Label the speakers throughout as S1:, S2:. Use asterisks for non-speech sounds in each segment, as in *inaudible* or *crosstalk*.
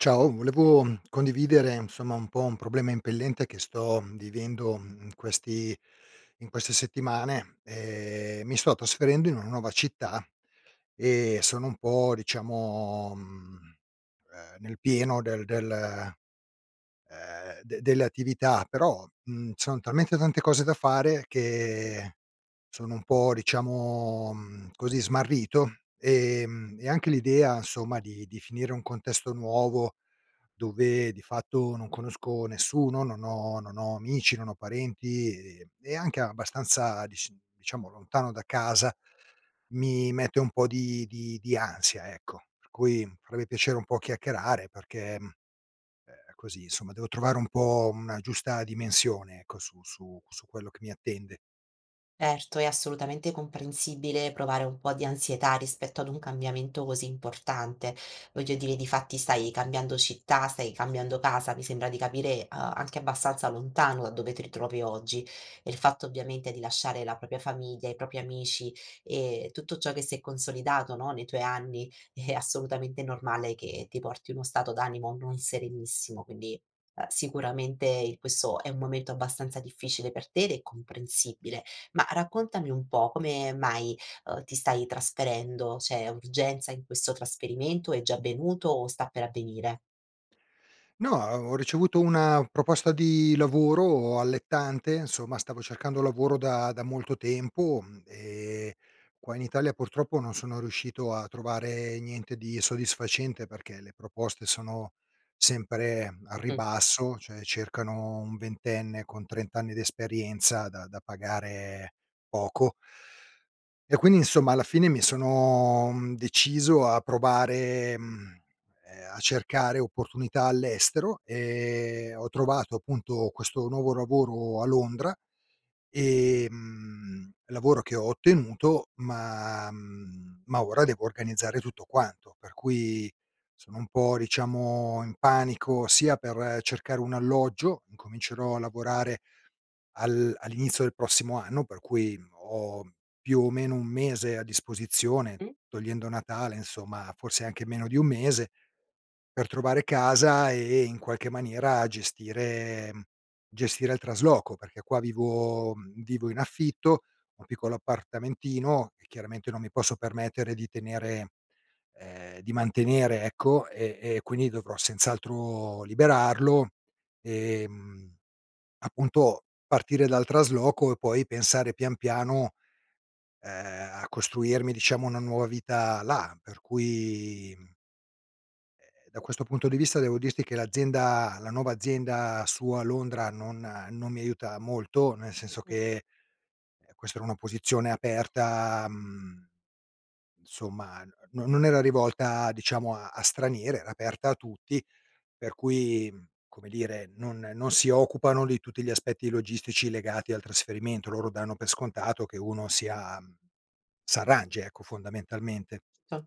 S1: Ciao, volevo, mhmm, condividere, insomma, un po' un problema impellente che sto vivendo, mhmm, in questi in queste settimane: ehm, mi sto trasferendo in una nuova città e sono un po', diciamo, mhmm, ehm, nel pieno del del ehm, delle attività però, mhmm, son talmente tante cose da fare che sono un po', diciamo, mhmm, così smarrito, ehm, e anche l'idea, insomma, di di finire un contesto nuovo, dove di fatto non conosco nessuno, non ho non ho amici, non ho parenti e e anche abbastanza dis diciamo, lontano da casa, mi mette un po' di di di ansia, ecco. Per cui avrei piacere un po' a chiacchierare, perché, mhmm, ehm, così, insomma, devo trovare un po' una giusta dimensione, ecco, su su su quello che mi attende.
S2: Erto, è assolutamente comprensibile provare un po' di ansietà rispetto ad un cambiamento così importante. Voglio dire, difatti, stai cambiando città, stai cambiando casa, mi sembra di capire, uhm, anche abbastanza lontano da dove ti ritrovi oggi. Il fatto, ovviamente, di lasciare la propria famiglia, i propri amici e tutto ciò che si è consolidato, no, nei tuoi anni è assolutamente normale che ti porti uno stato d'animo non serenissimo, quindi, uhm, sicuramente, questo è un momento abbastanza difficile per te ed è comprensibile. Ma raccontami un po': come mai, uhm, ti stai trasferendo? C'è urgenza in questo trasferimento? È già avvenuto o sta per avvenire?
S1: No, ho ricevuto una proposta di lavoro allettante, insomma, stavo cercando lavoro da da molto tempo, mhmm, ehm, qua in Italia, purtroppo, non sono riuscito a trovare niente di soddisfacente, perché le proposte sono sempre al
S2: Mh.
S1: ribasso, cioè cercano un ventenne con 30 anni di esperienza da da pagare poco e quindi, insomma, alla fine mi sono, mhmm, deciso a provare, mhmm, ehm, a cercare opportunità all'estero e ho trovato, appunto, questo nuovo lavoro a Londra, ehm, lavoro che ho ottenuto, ma mhmm, ma ora devo organizzare tutto quanto, per cui sono un po', diciamo, in panico sia per cercare un alloggio, incomincerò a lavorare al all'inizio del prossimo anno per cui ho, più o meno, 1 mese a disposizione,
S2: Mh?
S1: togliendo Natale, insomma, forse anche meno di 1 mese, per trovare casa e in qualche maniera gestire mhmm, gestire il trasloco perché qua vivo mhmm, vivo in affitto, ho un piccolo appartamentino e chiaramente non mi posso permettere di tenere ehm, di mantenere, ecco, e e quindi dovrò senz'altro liberarlo e, mhmm, appunto, partire dal trasloco e poi pensare pian, piano, ehm, a costruirmi, diciamo, una nuova vita là per cui, mhmm ehm, da questo punto di vista, devo dirti che l'azienda la nuova azienda su a Londra non non mi aiuta molto, nel senso
S2: Mh-mh.
S1: che, ehm, questa era un'opposizione aperta, mhmm, insomma, no non era rivolta, diciamo, a a stranieri, era aperta a tutti per cui, come dire, non non si occupano di tutti gli aspetti logistici legati al trasferimento: loro danno per scontato che uno sia s'arrangi, ecco, fondamentalmente.
S2: Tol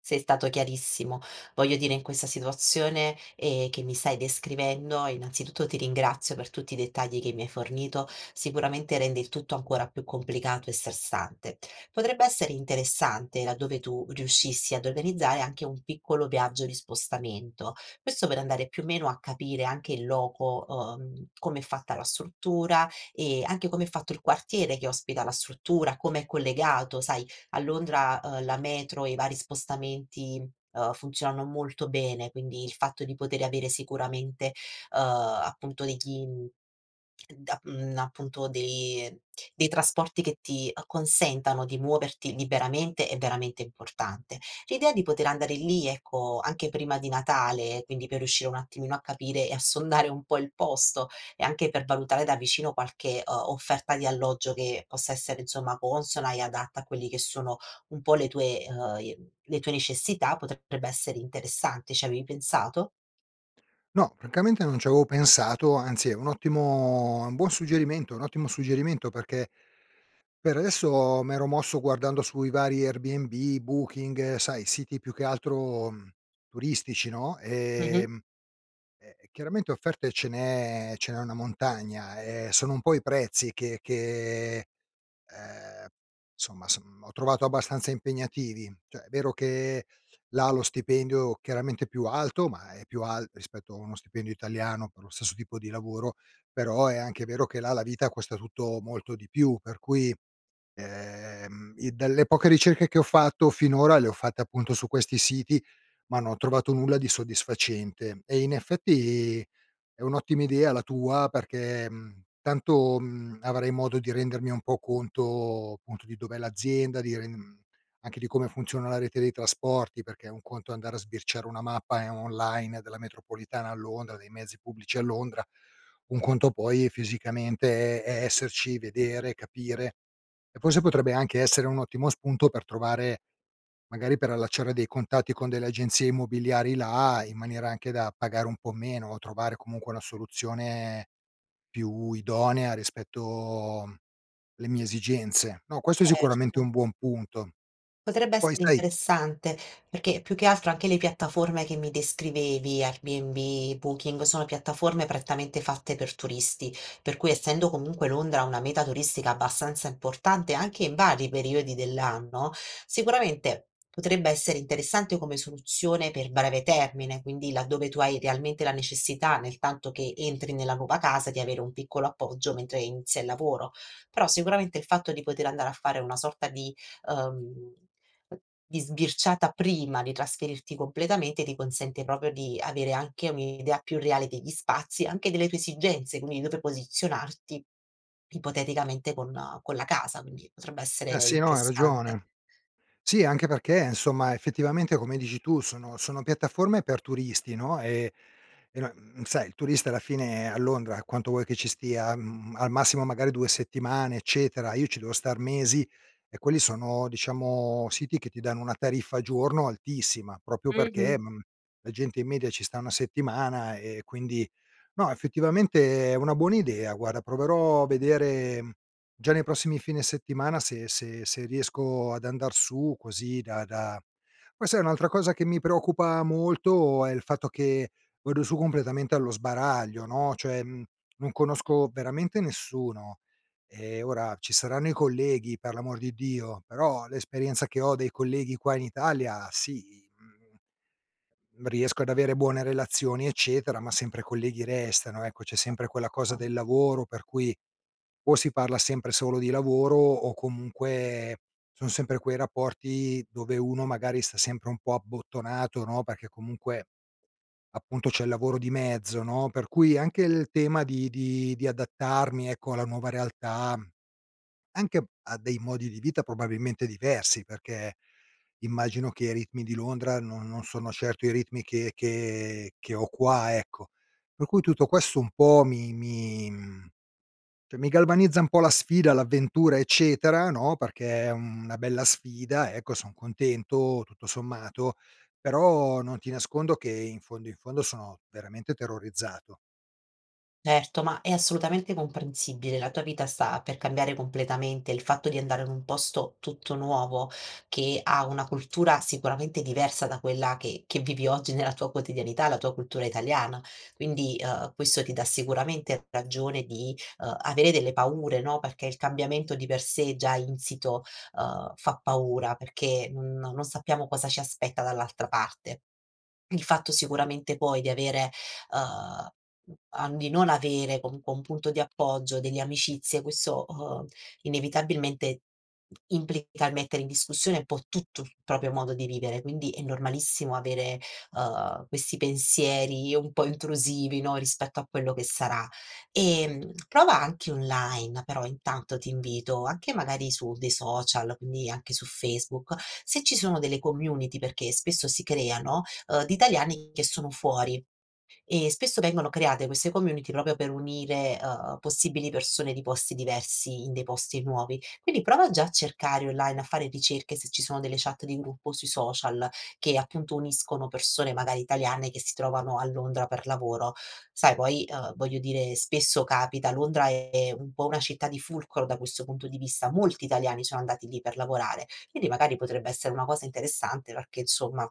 S2: sei stato chiarissimo, voglio dire in questa situazione, ehm, che mi stai descrivendo, innanzitutto, ti ringrazio per tutti i dettagli che mi hai fornito, sicuramente rende il tutto ancora più complicato e stressante. Potrebbe essere interessante, laddove tu riuscissi ad organizzare, anche un piccolo viaggio di spostamento. Questo per andare, più o meno, a capire anche in loco, uhm, com'è fatta la struttura e anche come è fatto il quartiere che ospita la struttura, com'è collegato. Sai, a Londra, uhm, la metro e i vari spostamenti funzionano molto bene, quindi il fatto di poter avere sicuramente, uhm, appunto degli da mhmm, appunto, dei dei trasporti che ti acconsentano di muoverti liberamente è veramente importante. L'idea di poter andare lì, ecco, anche prima di Natale, quindi per riuscire un attimino a capire e a sondare un po' il posto e anche per valutare da vicino qualche, uhm, offerta di alloggio che possa essere, insomma, consona e adatta a quelli che sono un po' le tue uhm, le tue necessità potrebbe essere interessante. Ci avevi pensato?
S1: No, francamente, non ci avevo pensato, anzi, è un ottimo è un buon suggerimento, è un ottimo suggerimento perché, per adesso, m'ero mosso guardando su i vari Airbnb, Booking, sai, siti più che altro, mhmm, turistici, no,
S2: Mh-mh.
S1: ehm, e e chiaramente offerte ce n'è ce n'è una montagna, ehm, sono un po' i prezzi che che, ehm, somma s ho trovato abbastanza impegnativi. Cioè è vero che là lo stipendio, chiaramente, è più alto ma è più al rispetto a uno stipendio italiano per lo stesso tipo di lavoro, però è anche vero che là la vita costa tutto molto di più per cui, ehm, i dalle poche ricerche che ho fatto finora le ho fatte, appunto, su questi siti, ma non ho trovato nulla di soddisfacente e, in effetti, è un'ottima idea la tua perché, mhmm, tanto, mhmm, avrei modo di rendermi un po' conto, appunto, di dov'è l'azienda di re mhmm, anche di come funziona la rete dei trasporti perché è un conto andare a sbirciare una mappa, ehm, online della metropolitana a Londra, dei mezzi pubblici a Londra, un conto poi fisicamente è è esserci, vedere, capire; e forse potrebbe anche essere un ottimo spunto per trovare magari per allacciare dei contatti con delle agenzie immobiliari là in maniera anche da pagare un po' meno o trovare comunque una soluzione più idonea rispetto le mie esigenze. No, questo è sicuramente
S2: Erto.
S1: un buon punto.
S2: Potrebbe
S1: Poi
S2: essere
S1: sai
S2: interessante perché, più che altro, anche le piattaforme che mi descrivevi: Airbnb, Booking, sono piattaforme prettamente fatte per turisti, per cui essendo comunque Londra una meta turistica abbastanza importante anche in vari periodi dell'anno, sicuramente potrebbe essere interessante come soluzione per breve termine, quindi laddove tu hai realmente la necessità nel tanto che entri nella nuova casa di avere un piccolo appoggio mentre inizia il lavoro. Però, sicuramente, il fatto di poter andare a fare una sorta di uhm, di sbirciata prima di trasferirti completamente ti consente proprio di avere anche un'idea più reale degli spazi anche delle tue esigenze quindi di dove posizionarti, ipoteticamente, con con la casa, quindi potrebbe essere
S1: Eh, sì, no, hai
S2: infestante.
S1: ragione. Sì, anche perché, insomma, effettivamente, come dici tu, sono sono piattaforme per turisti, no, ehm, no sai, il turista alla fine a Londra, quanto vuoi che ci stia? Mhmm, al massimo magari 2 settimane, eccetera, io ci devo star mesi e quelli sono, diciamo, siti che ti danno una tariffa al giorno altissima, proprio
S2: Mh-mh.
S1: perché, mhmm, la gente in media ci sta una settimana e quindi no, effettivamente, è una buona idea, guarda, proverò a vedere già nei prossimi fine settimana se se se riesco ad andar su così da da poi, sai, un'altra cosa che mi preoccupa molto è il fatto che vado su completamente allo sbaraglio, no, cioè, mhmm, non conosco veramente nessuno e ora ci saranno i colleghi, per l'amor di Dio, però l'esperienza che ho dei colleghi qua in Italia sì, mhmm, riesco ad avere buone relazioni, eccetera, ma sempre colleghi restano, ecco, c'è sempre quella cosa
S2: Uhm.
S1: del lavoro per cui, o si parla sempre solo di lavoro o, comunque, son sempre quei rapporti dove uno magari sta sempre un po' abbottonato, no, perché comunque, appunto, c'è il lavoro di mezzo, no, per cui anche il tema di di di adattarmi, ecco, alla nuova realtà, anche a dei modi di vita probabilmente diversi perché, immagino che i ritmi di Londra no non sono certo i ritmi che che che ho qua, ecco. Per cui, tutto questo un po' mi mi mhmm, cioè mi galvanizza un po' la sfida, l'avventura, eccetera, no, perché è una bella sfida, ecco, son contento, tutto sommato, però non ti nascondo che, in fondo, in fondo, sono veramente terrorizzato
S2: Certo, ma è assolutamente comprensibile, la tua vita sta per cambiare completamente. Il fatto di andare in un posto tutto nuovo che ha una cultura, sicuramente, diversa da quella che che vivi oggi nella tua quotidianità, la tua cultura italiana, quindi, uhm, questo ti dà sicuramente ragione di, uhm, avere delle paure, no, perché il cambiamento di per sé già insito, uhm, fa paura perché non non sappiamo cosa ci aspetta dall'altra parte. Il fatto sicuramente, poi, di avere uhm, di non avere comunque un punto di appoggio, delle amicizie questo, uhm, inevitabilmente implica il mettere in discussione un po' tutto il proprio modo di vivere, quindi è normalissimo avere, uhm, questi pensieri un po' intrusivi, no, rispetto a quello che sarà. Ehm, prova anche online però, intanto ti invito, anche magari su dei social, quindi, anche su Facebook se ci sono delle community perché spesso si creano, uhm, di italiani che sono fuori e spesso vengono create queste community proprio per unire, uhm, possibili persone di posti diversi in dei posti nuovi. Quindi prova già a cercare online, a fare ricerche se ci sono delle chat di gruppo sui social, che, appunto, uniscono persone magari italiane che si trovano a Londra per lavoro. Sai, poi, uhm, voglio dire, spesso capita, Londra è un po' una città di fulcro da questo punto di vista: molti italiani sono andati lì per lavorare, quindi magari potrebbe essere una cosa interessante perché, insomma,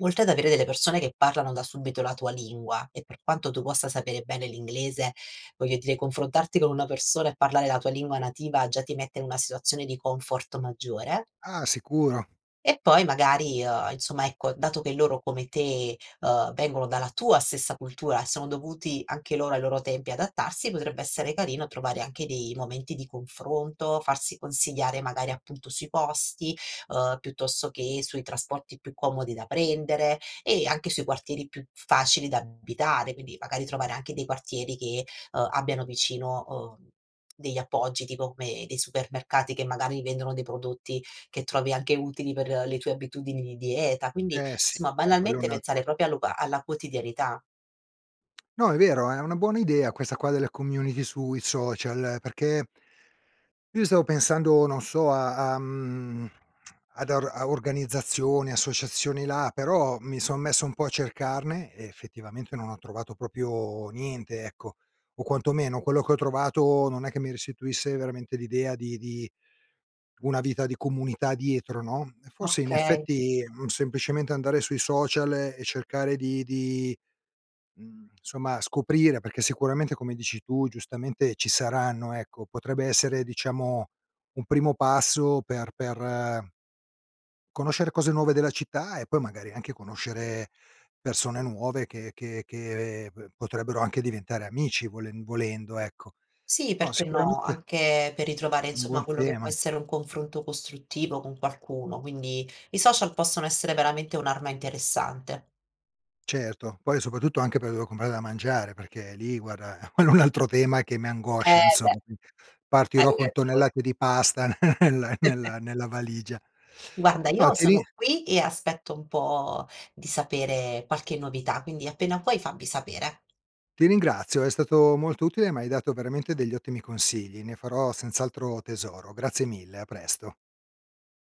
S2: oltre ad avere delle persone che parlano da subito la tua lingua e per quanto tu possa sapere bene l'inglese, voglio dire, confrontarti con una persona e parlare la tua lingua nativa già ti mette in una situazione di comfort maggiore
S1: Ah, sicuro.
S2: e poi, magari, uhm, insomma, ecco, dato che loro come te, uhm, vengono dalla tua stessa cultura e sono dovuti anche loro ai loro tempi adattarsi, potrebbe essere carino trovare anche dei momenti di confronto, farsi consigliare magari, appunto, sui posti, uhm, piuttosto che sui trasporti più comodi da prendere e anche sui quartieri più facili da abitare, quindi magari, trovare anche dei quartieri che, ehm, abbiano vicino, ehm, degli appoggi, tipo come dei supermercati che magari vendono dei prodotti che trovi anche utili per le tue abitudini di dieta quindi,
S1: Eh, sì,
S2: insomma,
S1: eh, quello è
S2: banalmente
S1: un
S2: pensare
S1: altro
S2: proprio allo ba alla quotidianità.
S1: No, è vero, è una buona idea questa qua delle community sui social perché io stavo pensando, non so, a a mhmm, ad a organizzazioni, associazioni là, però mi son messo un po' a cercarne e effettivamente non ho trovato proprio niente, ecco, o quantomeno quello che ho trovato non è che mi restituisse veramente l'idea di di una vita di comunità dietro, no? Eh, forse, in
S2: Okay.
S1: effetti, semplicemente andare sui social e cercare di di, mhmm, somma, scoprire perché sicuramente, come dici tu, giustamente, ci saranno, ecco, potrebbe essere diciamo un primo passo per per conoscere cose nuove della città e poi magari, anche conoscere persone nuove che che che, ehm, b potrebbero anche diventare amici volen volendo ecco.
S2: Sì,
S1: No,
S2: perché no?
S1: sicuramente
S2: Anche per ritrovare
S1: un
S2: insomma
S1: buon
S2: quello che può
S1: tema.
S2: essere un confronto costruttivo con qualcuno, quindi i social possono essere veramente un'arma interessante.
S1: Certo, poi soprattutto anche per dove comprare da mangiare perché lì, guarda, quello è un altro tema che mi
S2: Eh,
S1: angoscia,
S2: beh.
S1: insomma. *unintelligible*
S2: Hai
S1: Partirò con
S2: ragione.
S1: tonnellate di pasta *chuckles* nel
S2: *chuckles*
S1: nella nella valigia.
S2: Guarda,
S1: No,
S2: io
S1: ti rin
S2: sono qui e aspetto un po' di sapere qualche novità, quindi, appena puoi, fammi sapere.
S1: Ti ringrazio, è stato molto utile, m'hai dato veramente degli ottimi consigli, ne farò senz'altro tesoro, grazie mille, a presto!